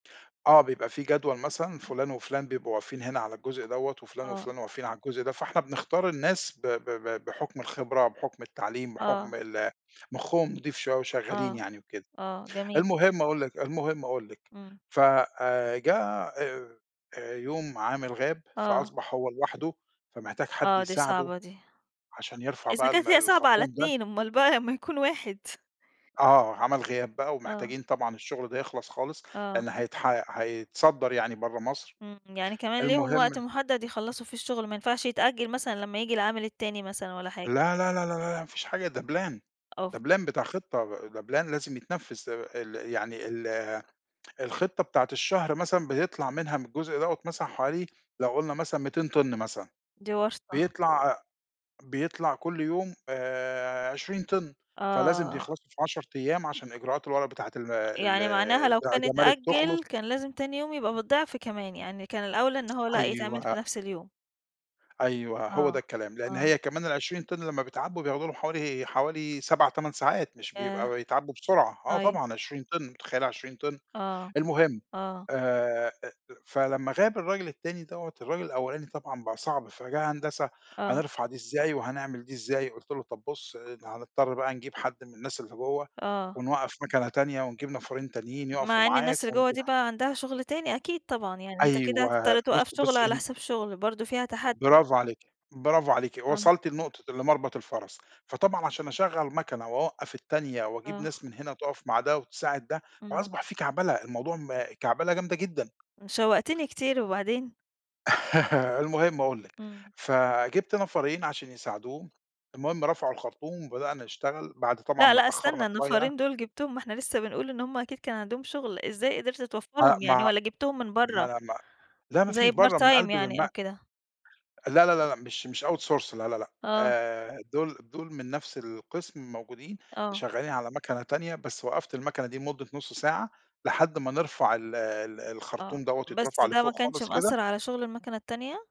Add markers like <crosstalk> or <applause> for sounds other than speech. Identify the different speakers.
Speaker 1: آه، بيبقى في جدول مثلًا فُلان، وفُلان بيبقوا واقفين هنا على الجزء دوّة، وفُلان
Speaker 2: آه.
Speaker 1: وفُلان واقفين على الجزء ده، فإحنا بنختار الناس ب ب ب بحُكْم الخبرة، بحُكْم التعليم، بحُكْم
Speaker 2: آه.
Speaker 1: ال مُخُّهم نِضيف شوية، وشغالين
Speaker 2: آه،
Speaker 1: يعني وكده،
Speaker 2: آه جميل.
Speaker 1: المهم أقول لِك، المهم أقول لِك
Speaker 2: إمم.
Speaker 1: ف آآ، جه، آآ، يوم عامل غاب،
Speaker 2: آه.
Speaker 1: فأصبح هو لوحده، فمحتاج حد
Speaker 2: آه، دي
Speaker 1: يساعده،
Speaker 2: صعبة دي.
Speaker 1: عشان يرْفع
Speaker 2: إذا
Speaker 1: بقى الم
Speaker 2: كانت هي صعبة على
Speaker 1: الخرطوم ده.
Speaker 2: اتنين، أُمّال بقى لمّا يكون واحد.
Speaker 1: آه عمل غياب بقى،
Speaker 2: آه.
Speaker 1: ومحتاجين طبعًا الشغل ده يخْلص خالص؛
Speaker 2: آه.
Speaker 1: لأن هيتح هيتصدر يعني برا مصر،
Speaker 2: إمم، يعني كمان ليهم
Speaker 1: المهم
Speaker 2: وقت محدد يخلَّصوا فيه الشغل، ما ينفعش يتأجل مثلًا لمّا ييجي العامل التاني مثلًا، ولا حاجة؟
Speaker 1: لا، لا، لا، لا، لا، لا، ما فيش حاجة ده Plan ده
Speaker 2: أُوفْ.
Speaker 1: Plan بتاع خطة ده Plan لازم يتنفّذ، آآ، ال يعني ال الخطة بتاعة الشهر مثلًا بيطْلع منها من الجزء دوّة مثلًا حوالي لو قُلنا مثلًا 200 طِن مثلًا،
Speaker 2: دي ورْطة.
Speaker 1: بيطْلع ع بيطْلع كل يوم، آآ، 20 طِن، فلازم
Speaker 2: آه.
Speaker 1: بيخْلصوا في 10 أيام عشان إجراءات الورق بتاعة ال
Speaker 2: يعني معناها
Speaker 1: ال
Speaker 2: لو
Speaker 1: بتاع
Speaker 2: كان
Speaker 1: الجمارك تُخْلص.
Speaker 2: اِتأجل، كان لازم تاني يوم يبقى بالضِعْف كمان، يعني كان الأوْلى إن هو لأ يتعمل في
Speaker 1: أيوه.
Speaker 2: نفس اليوم.
Speaker 1: أيوه، هو ده
Speaker 2: آه،
Speaker 1: الكلام؛ لأن
Speaker 2: آه.
Speaker 1: هي كمان ال20 طن لمّا بيتْعَبّوا بياخدوا لهم حوالي حوالي 7 8 ساعات مش بيبقى
Speaker 2: ياه،
Speaker 1: بيتْعَبّوا بسرعة، آه
Speaker 2: طيب.
Speaker 1: طبعًا 20 طن مُتَخيلة 20 طن،
Speaker 2: آه،
Speaker 1: المهم،
Speaker 2: آه.
Speaker 1: آآ أ أ فلمّا غاب الراجل التاني دوّة، الراجل الأولاني طبعًا بقى صعب، فيا هندسة
Speaker 2: آه.
Speaker 1: هنرْفع دي إزاي، وهنعمل دي إزاي قُلت له: "طب بُص هنِضْطَر بقى نجيب حد من الناس اللي جوا،
Speaker 2: آه.
Speaker 1: ونْوقَّف مَكَنة تانية، ونجيب نَفَريْن تانيين يقفوا
Speaker 2: مع إن
Speaker 1: معاك"
Speaker 2: الناس اللي جوّا دي
Speaker 1: <unintelligible>
Speaker 2: بقى عندها شغل تاني أكيد طبعًا، يعني أنت كده
Speaker 1: أيوه،
Speaker 2: هتِضْطَر توقّف
Speaker 1: بُصي،
Speaker 2: شُغل
Speaker 1: بُصي
Speaker 2: على
Speaker 1: إن
Speaker 2: حساب شُغل، برضه فيها تحدي.
Speaker 1: برافو عليكِ، برافو عليكِ
Speaker 2: <unintelligible>
Speaker 1: وصلْتِ لنقطة لمَرْبَط الفَرَس، فطبعًا عشان أشغّل مَكَنة، وأوقّف التانية، وأجيب
Speaker 2: آه.
Speaker 1: ناس من هنا تقف مع ده، وتساعد ده،
Speaker 2: إمم.
Speaker 1: فأصبح في كعْبلة الموضوع م كعْبلة جامدة جدًا
Speaker 2: شوَّقْتني كتير، وبعدين؟
Speaker 1: <laughs> المهم أقول لِك،
Speaker 2: إمم.
Speaker 1: فجِبت نفَرين عشان يساعدوه، المهم رفعوا الخرطوم، وبدأنا نشتغل، بعد طبعًا
Speaker 2: لأ،
Speaker 1: ما
Speaker 2: لأ اسْتني
Speaker 1: اتأخرنا شوية.
Speaker 2: النَفَرين دول جِبتهم ما إحنا لسه بنقول إن هُم أكيد كان عندهم شُغل، إزاي قدرت
Speaker 1: آآ،
Speaker 2: توفَّرهم يعني،
Speaker 1: ما
Speaker 2: والّا جِبتهم من
Speaker 1: ما
Speaker 2: برا
Speaker 1: ما لأ ما فيش
Speaker 2: زي Part
Speaker 1: برا من
Speaker 2: time
Speaker 1: قلب الم
Speaker 2: يعني أو كده؟
Speaker 1: لا، لا، لا، لأ مش مش Outsource لا، لا، لأ،
Speaker 2: آه.
Speaker 1: آآ، دول دول من نَفْس القسم موجودين
Speaker 2: آه.
Speaker 1: شغالين على مَكَنة تانية، بس وقّفت المَكَنة دي مدة نُص ساعة، لحد ما نرْفع ال ال
Speaker 2: آه،
Speaker 1: الخرطوم دوّة
Speaker 2: بس
Speaker 1: يتْرفع
Speaker 2: ده ما
Speaker 1: لفوْق
Speaker 2: كانش
Speaker 1: خالص
Speaker 2: مأثر
Speaker 1: كده
Speaker 2: على شغل المَكَنة التانية؟